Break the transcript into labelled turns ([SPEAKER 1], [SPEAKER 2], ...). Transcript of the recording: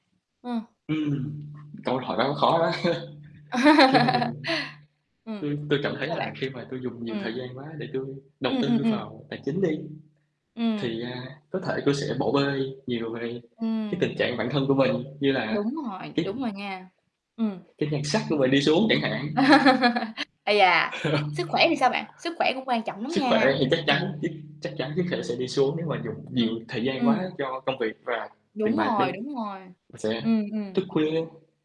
[SPEAKER 1] Ờ.
[SPEAKER 2] Ừm, câu hỏi đó khó đó. Khi mà mình
[SPEAKER 1] Ừm.
[SPEAKER 2] tui tui cảm thấy
[SPEAKER 1] Sao bạn?
[SPEAKER 2] là khi mà tui dùng nhiều thời
[SPEAKER 1] Ừm.
[SPEAKER 2] gian quá để tui đầu
[SPEAKER 1] Ừm, ừm,
[SPEAKER 2] tư
[SPEAKER 1] ừm.
[SPEAKER 2] vào tài chính đi,
[SPEAKER 1] Ừm.
[SPEAKER 2] thì, a, có thể tôi sẽ bỏ bê nhiều về cái
[SPEAKER 1] Ừm.
[SPEAKER 2] tình trạng bản thân của mình như là
[SPEAKER 1] Đúng rồi,
[SPEAKER 2] cái
[SPEAKER 1] đúng rồi nha. Ừm.
[SPEAKER 2] cái nhan sắc của mình đi xuống chẳng hạn.
[SPEAKER 1] Ây da! Sức khỏe thì sao bạn? Sức khỏe cũng quan trọng lắm
[SPEAKER 2] Sức khỏe
[SPEAKER 1] nha,
[SPEAKER 2] thì chắc
[SPEAKER 1] ừm.
[SPEAKER 2] chắn dứt chắc chắn sức khoẻ sẽ đi xuống, nếu mà dùng
[SPEAKER 1] Ừm,
[SPEAKER 2] nhiều thời gian
[SPEAKER 1] ừm.
[SPEAKER 2] quá cho công việc và tiền
[SPEAKER 1] Đúng
[SPEAKER 2] bạc đi,
[SPEAKER 1] rồi, đúng rồi.
[SPEAKER 2] và sẽ
[SPEAKER 1] Ừm,
[SPEAKER 2] thức
[SPEAKER 1] ừm.
[SPEAKER 2] khuya.